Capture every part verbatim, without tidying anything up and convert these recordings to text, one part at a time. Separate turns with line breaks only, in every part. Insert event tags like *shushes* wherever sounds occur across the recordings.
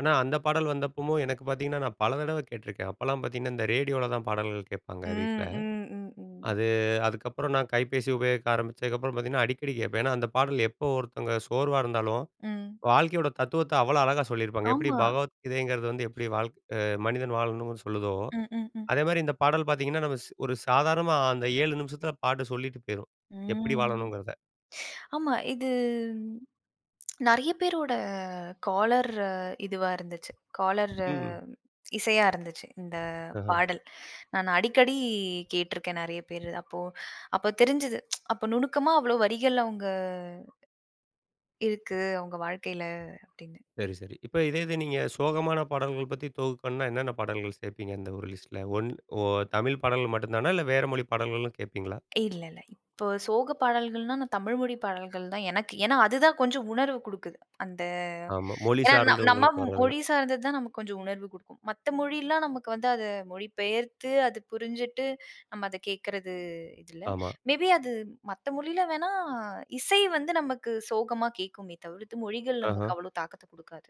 ஆனா, அந்த பாடல் வந்தப்பமும், எனக்கு பார்த்தீங்கன்னா, நான் பல தடவ கேட்டுருக்கேன். அப்பலாம் பார்த்தீங்கன்னா, இந்த ரேடியோவுல தான் பாடல்கள் கேட்பாங்க வீட்ல.
ம், ம், ம், ம்.
அது அதுக்கப்புறம் நான் கைபேசி உபயோகிக்க ஆரம்பிச்சதுக்கப்பறம் பார்த்தீங்கன்னா, அடிக்கடி கேட்பேன். ஏன்னா, அந்த பாடல் எப்போ ஒருத்தவங்க சோர்வா இருந்தாலும்,
ம்.
வாழ்க்கையோட தத்துவத்த அவ்ளோ அழகா சொல்லியிருப்பாங்க. எப்பிடி
ஆமா.
பகவத் கீதைங்கிறது வந்து, எப்பிடி வாழ் மனிதன் வாழணுன்னு சொல்லுதோ,
ம், ம், ம்.
அதே மாரி இந்த பாடல் பார்த்தீங்கன்னா, நம்ம ஸ் ஒரு சாதாரணமா அந்த ஏழு நிமிஷத்தில பாட்டு சொல்லிட்டு போயிரும். எப்பிடி
ம்,
வாழணுங்கிறத.
*shushes* ஆமா, இது *clicks tongue* நெறைய பேரோட காலர் இதுவா இருந்துச்சி. காலர்
ம்.
இசையா இருந்துச்சி இந்த
ஆஹ.
பாடல். நான் அடிக்கடி கேட்டிருக்கேன் நெறைய பேரு, அப்போ அப்போ தெரிஞ்சது. *tsk* அப்போ நுணுக்கமா அவ்ளோ வரிகள் அவுங்க இருக்கு, அவுங்க வாழ்க்கைல, அப்டின்னு.
சரி, சரி. இப்ப, இதே இது நீங்க சோகமான பாடல்கள் பத்தி தொகுக்குணுன்னா, என்னென்ன பாடல்கள் சேப்பீங்க, அந்த ஒரு லிஸ்ட்ல? ஒன் ஒ தமிழ் பாடல்கள் மட்டும் தானா? இல்ல, வேற மொழி பாடல்களும் கேட்பீங்களா?
இல்லல்ல, இப்போ சோகப் பாடல்கள்னா, நான் தமிழ் மொழி பாடல்கள் தான் எனக்கு. ஏன்னா, அதுதான் கொஞ்சம் உணர்வு குடுக்குது. அந்த
ஆமா. மொழி
ஏன்னா,
சார்ந்து
நம் நம்ம
உங்களுக்கு வரதுனா.
மொழி சார்ந்தது தான், நமக்கு கொஞ்சம் உணர்வு குடுக்கும். மத்த மொழிலாம், நமக்கு வந்து, அத மொழி பெயர்த்து, அது புரிஞ்சுட்டு, நம்ம அத கேட்கிறது, இல்ல.
ஆமா.
மே பி அது மத்த மொழியில வேணா இசை வந்து நமக்கு சோகமா கேட்குமே தவிர்த்து, மொழிகள் நமக்கு
ஆஹ.
அவ்ளோ தாக்கத்த குடுக்காது.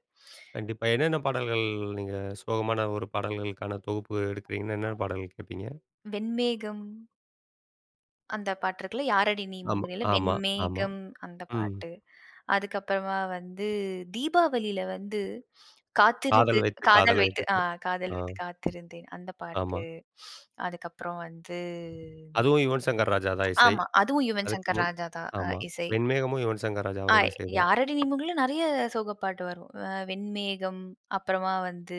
கண்டிப்பா.
*sniffs*
என்னென்ன பாடல்கள், நீங்க சோகமான ஒரு பாடல்களுக்கான தொகுப்பு எடுக்கறீங்கன்னா, என்னென்ன பாடல் கேட்பீங்க?
வெண்மேகம். அந்த பாட்டு இருக்குல்ல. யாரடி நீ
ஆமா,
மோகினில,
ஆமா, ஆமா.
வெண்மேகம் அந்த
ம்.
பாட்டு. அதுக்கப்பறமா வந்து தீபாவளியில வந்து *sniffs* காத்திருந்து
காதல் வைத்து,
காதல்
காதல் வைத்து
வைத்து ஆ,
க
காதல்
ஆ.
வைத்து காத்திருந்தேன். அந்த பாட்டு.
ஆமா.
*sniffs* அதுக்கு அப்புறம் வந்து
அதுவும் யுவன் சங்கர் ராஜா தான், இசை.
ஆமா, அதுவும் யுவன்
அதுக்கு
சங்கர்
முன்
ராஜா தான். அ,
ஆமா.
இசை.
வெண்மேகமும் யுவன் சங்கர் ராஜா,
ஆ.
அவரோட இசை தான்.
யாரடி நீ மோகினில, நெறைய சோகப்பாட்டு வரும். அ, வெண்மேகம். அப்பறமா வந்து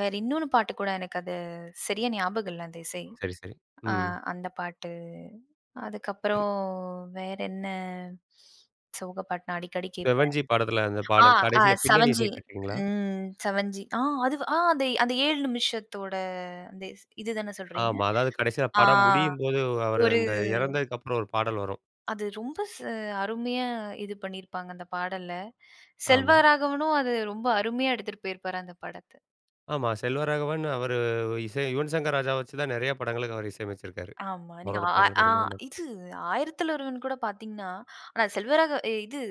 வேற இன்னொண்ணு பாட்டு கூட, எனக்கு அது சரியா ஞாபகம் இல்ல அந்த இசை.
சரி, சரி.
ஆ,
ம்
அந்த பாட்டு. அதுக்கப்பறம் வேறென்ன *sniffs* சோக பாட்டு, நான் அடிக்கடி
செவன்
கேட்பேன்.
ஜி படத்துல அந்த
ஆ,
பாடல்.
ஆ,
கடைசில பின்னணி
செவன்
இசை
ஜி,
கேட்டிருக்கிறீங்களா?
ம். Seven G. ஆ, அது, அந்த அந்த ஏழு நிமிஷத்தோட, அந்த இ இது தான சொல்றீங்க?
ஆமா. அதாவது கடைசில
ஆ,
படம் முடியும்போது, அவரு
ஒரு
அந்த இறந்ததுக்கு அப்புறம் ஒரு பாடல் வரும்.
அது ரொம்ப செ அருமையா, இது பண்ணியிருப்பாங்க அந்த பாடல.
ஆமா.
செல்வாராகவனும், அது ரொம்ப அருமையா எடுத்துட்டு போயிருப்பாரு, அந்த படத்த.
ஆமா. செல்வராகவன் அவரு இசை யுவன் சங்கர் ராஜாவ வச்சு தான், நெறைய படங்களுக்கு அவரு இசை அமைச்சிருக்காரு.
ஆமா. நீங்க
அவரோட
ஆ
படங்கள்
ஆ
பெரும்பாலும்.
இது ஆயிரத்தில் ஒருவன் கூட பார்த்தீங்கன்னா ஆனா, செல்வராக இது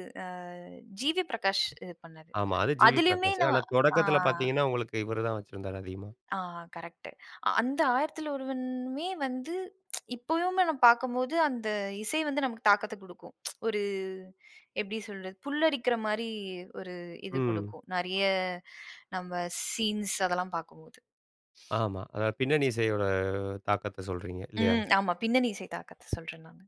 ஜீ வீ பிரகாஷ் இது பண்ணாரு.
ஆமா. அது ஜீ வீ
அதிலயுமே
பிரகாஷு.
நான்
ஆனா,
ஆ.
தொடக்கத்துல பார்த்தீங்கன்னா, உங்களுக்கு இவரு தான் வச்சுருந்தாரு. அதிகமா.
ஆ. கரெக்டு அ, அந்த ஆயிரத்தில் ஒருவனுமே வந்து, *tsk* இப்பவுமே நாம பார்க்கும்போது அந்த இசை வந்து நமக்கு தாக்கத்த குடுக்கும். *tsk* ஒரு எப்டி சொல்றது, புல்லரிக்கிற மாரி ஒரு இது
ம்.
குடுக்கும். நெறைய நம்ம சீன்ஸ் அதெல்லாம் பார்க்கும்போது. *sniffs*
ஆமா. அதாவது பின்னணி இசையோட தாக்கத்த சொல்றீங்க. இல்லையா?
ம், ஆமா. பின்னணி இசை தாக்கத்த சொல்றேன் நானு.